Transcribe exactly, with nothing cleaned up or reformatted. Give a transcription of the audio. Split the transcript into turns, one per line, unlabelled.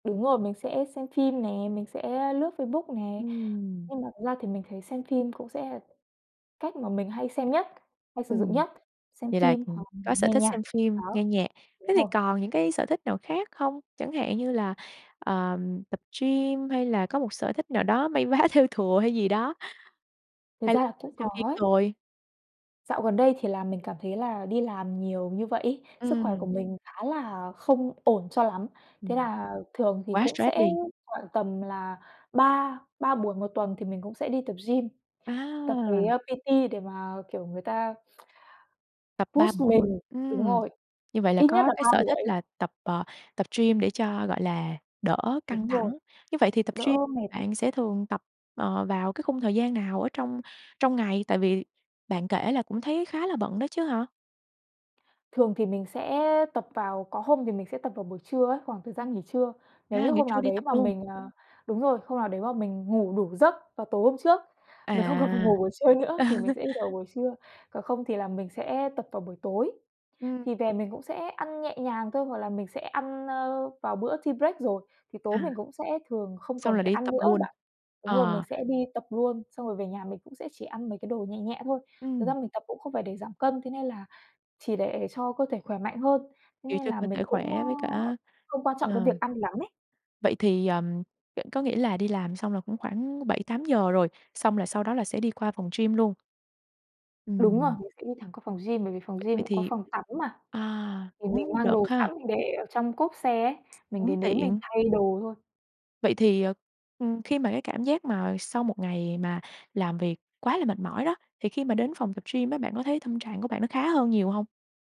Đúng rồi, mình sẽ xem phim nè, mình sẽ lướt Facebook nè.
Ừm.
Nhưng mà thực ra thì mình thấy xem phim cũng sẽ cách mà mình hay xem nhất, hay sử dụng
Ừm.
nhất, xem
Vậy là,
phim hoặc
ừm,
là mình
có sở
nghe
thích
nhạc.
xem
Đó,
phim, nghe nhạc.
đúng
Thế thì
rồi.
còn những cái sở thích nào khác không? Chẳng hạn như là, ờm, tập gym, hay là có một sở thích nào đó may vá, thêu thùa hay gì đó,
Thực
hay l
ra là
thích
cũng có
xem phim
ấy.
thôi?
Dạo gần đây thì là mình cảm thấy là đi làm nhiều như vậy ấy, sức khỏe của
Ừm.
mình khá là không ổn cho lắm. Thế
Ừm.
là thường thì
Quá
cũng
stress
sẽ
đi.
khoảng tầm là ba ba buổi một tuần thì mình cũng sẽ đi tập gym, tập với,
À!
a, P-T để mà, kiểu, người ta
Tập ba
push
buổi mỗi
mình. Đúng
ừm,
rồi.
như vậy là
Ít nhất
có
là
cái
ba
sở thích
buổi.
là tập, ờ, tập gym để cho, gọi là, đỡ căng
Đúng rồi.
thẳng. Như vậy thì tập
Đỡ
gym
mệt ấy.
bạn sẽ thường tập, ờ, vào cái khung thời gian nào ở trong trong ngày? Tại vì bạn kể là cũng thấy khá là bận đó chứ hả?
Thường thì mình sẽ tập vào có hôm thì mình sẽ tập vào buổi trưa ấy, khoảng thời gian nghỉ trưa. Nếu
A,
như
nghỉ
hôm nào
trưa đi
đấy
tập
mà
luôn.
mình, à đúng rồi, hôm nào đấy mà mình ngủ đủ giấc vào tối hôm trước, mình không cần phải
À,
ngủ buổi trưa nữa,
Ờ.
thì mình sẽ đi vào buổi trưa, còn không thì là mình sẽ tập vào buổi tối.
Ừm.
Thì về mình cũng sẽ ăn nhẹ nhàng thôi, hoặc là mình sẽ ăn, ơ, vào bữa tea break rồi, thì tối
À.
mình cũng sẽ thường không
Xong
cần
là
phải
đi
ăn
tập
nữa á
luôn?
bạn. Đúng rồi, mình
Ờ.
sẽ đi tập luôn, xong rồi về nhà mình cũng sẽ chỉ ăn mấy cái đồ nhẹ nhẹ thôi. Thực ra
Ừm.
mình tập cũng không phải để giảm cân, thế nên là chỉ để cho cơ thể khỏe mạnh hơn, thế
Kiểu
nên
cho
là
cơ thể
mình cũng, ơ,
khỏe với cả
không quan trọng cái
ờ.
việc ăn lắm ấy.
Vậy thì, ờm, vẫn có nghĩa là đi làm xong là cũng khoảng bảy tám giờ rồi, xong là sau đó là sẽ đi qua phòng gym luôn?
Đúng rồi,
Ừm.
mình sẽ đi thẳng qua phòng gym, bởi vì phòng gym
Vậy
cũng có
thì
phòng tắm mà.
à,
Thì mình
cũng
mang
được
đồ
ha.
sẵn mình để ở trong cốp xe ấy, mình
Cũng
đến đấy mình
tiện.
thay đồ thôi.
Vậy thì, ờ, ừm, khi mà cái cảm giác mà sau một ngày mà làm việc quá là mệt mỏi đó, thì khi mà đến phòng tập gym á, bạn có thấy tâm trạng của bạn nó khá hơn nhiều hông?